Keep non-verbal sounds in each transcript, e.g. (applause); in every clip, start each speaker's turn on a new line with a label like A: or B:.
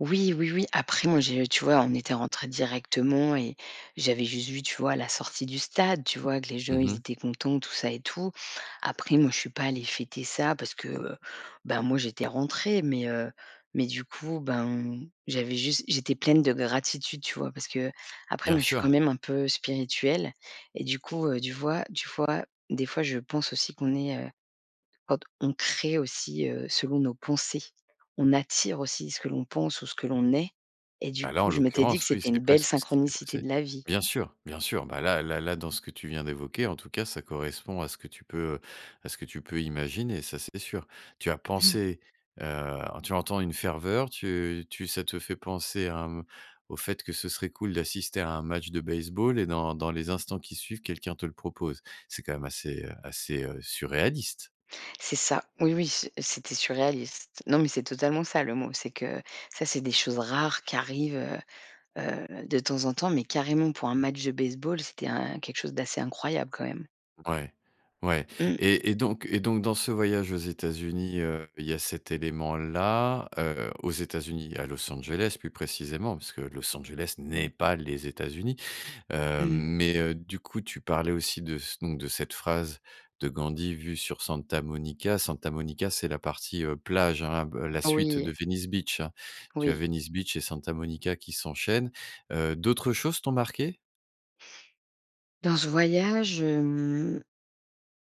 A: Oui, oui, oui, après, moi, j'ai tu vois, on était rentrés directement et j'avais juste vu, tu vois, la sortie du stade, tu vois? Que les gens,
B: Mmh
A: ils
B: mh.
A: étaient contents, tout ça et tout. Après moi, je suis pas allée fêter ça parce que, heu, bah, moi, j'étais rentrée mais heu mais du coup, ben, j'avais juste j'étais pleine de gratitude, tu vois? Parce qu'après,
B: Bien
A: moi, je suis quand
B: sûr.
A: même un peu spirituelle et du coup, du vois tu fois, des fois je pense aussi qu'on est, heu quand on crée aussi, heu, selon nos pensées. On attire aussi ce que l'on pense ou ce que l'on est, et du
B: Bah, là,
A: coup,
B: en
A: je m'étais dit que
B: l'occurrence, oui,
A: c'était
B: c'était
A: une belle
B: presque ce qui s'est
A: synchronicité
B: passé.
A: de la vie.
B: Bien sûr, bien sûr. Bah, là là là, dans ce que tu viens d'évoquer, en tout cas, ça correspond à ce que tu peux, heu à ce que tu peux imaginer. Ça, c'est sûr. Tu as
A: (unintelligible)
B: pensé, heu tu entends une ferveur, tu tu ça te fait penser à, hem au fait que ce serait cool d'assister à un match de baseball et dans dans les instants qui suivent, quelqu'un te le propose. C'est quand même assez, heu assez, heu, surréaliste.
A: C'est ça. Oui, oui, c'est c'était surréaliste. Non, mais c'est totalement ça, le mot, c'est que ça c'est des choses rares qui arrivent, heu heu, de temps en temps mais carrément pour un match de baseball, c'était un quelque chose d'assez incroyable, quand même.
B: Ouais. Ouais
A: Mmh.
B: et et donc et donc dans ce voyage aux États-Unis, heu, il y a cet élément-là, heu, aux États-Unis et à Los Angeles, plus précisément, parce que Los Angeles n'est pas les États-Unis. Heu,
A: Mmh.
B: mais heu, du coup, tu parlais aussi de ce donc de cette phrase de Gandhi vue sur Santa Monica. Santa Monica, c'est la partie, heu, plage, hein, b la suite
A: Oui.
B: de Venice Beach, hein. Tu as
A: Oui.
B: Venice Beach et Santa Monica qui s'enchaînent. Heu, d'autres choses t'ont marquées?
A: Dans ce voyage, hem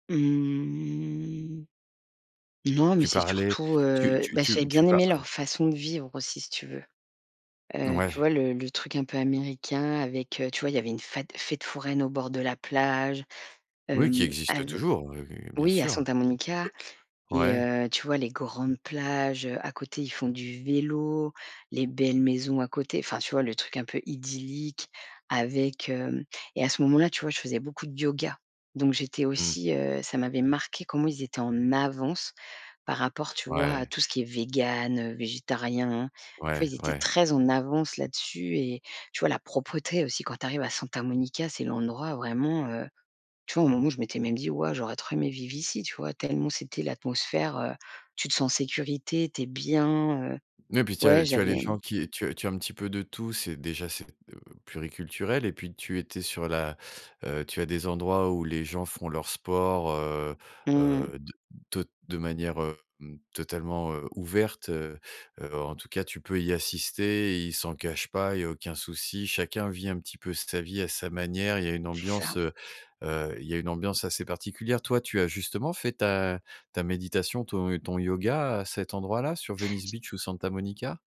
A: mmh. Non mais
B: Tu
A: c'est
B: parlais
A: surtout,
B: tu
A: heu
B: tu
A: beh, j'ai
B: tu tu
A: bien
B: parl
A: aimé
B: heu
A: leur façon de vivre aussi, si tu veux. Heu, tu
B: Ouais.
A: vois, le le truc un peu américain avec, heu, tu vois, il y avait une fat fête foraine au bord de la plage.
B: Oui, qui
A: Hem, av
B: existe toujours, heu, oui, bien
A: oui, à
B: sûr.
A: Santa Monica
B: Q
A: et
B: ouais?
A: heu, tu vois, les grandes plages, heu, à côté, ils font du vélo, les belles maisons à côté. Enfin, tu vois, le truc un peu idyllique avec hem et à ce moment-là, tu vois, je faisais beaucoup de yoga, donc j'étais
B: Mmh.
A: aussi, heu, ça m'avait marquée comment ils étaient en avance, par rapport, tu vois, à
B: Ouais.
A: tout ce qui est végan, heu, végétarien. Tu vois?
B: Ouais,
A: Ils étaient
B: ouais.
A: très en avance là dessus et tu vois, la propreté aussi, quand tu arrives à Santa Monica, c'est l'endroit vraiment, heu Tu vois, un moment où je m'étais même dit: «Waouh! j'aurais trop aimé vivre ici», tu vois? Tellement, c'était l'atmosphère, heu tu te sens en sécurité, tu es bien, heu,
B: Ouais et puis tu
A: ouais,
B: as tu as
A: j'avais
B: les
A: hem
B: gens qui tu as tu as un petit peu de tout, c'est déjà c'est, d heu, pluriculturel et puis, tu étais sur la heu, tu as des endroits où les gens font leur sport, heu
A: Mmh.
B: heu, de tot de manière, hem, totalement, heu, ouverte, heu heu, en tout cas, tu peux y assister et ils s'en cachent pas. Il y a aucun souci. Chacun vit un petit peu sa vie à sa manière. Il y a une
A: C'est
B: ambiance,
A: ça.
B: heu heu, il y a une ambiance assez particulière. Toi, tu as justement fait ta ta méditation, ton yo ton yoga, à cet endroit-là, sur Venice
A: J
B: Beach ou Santa Monica?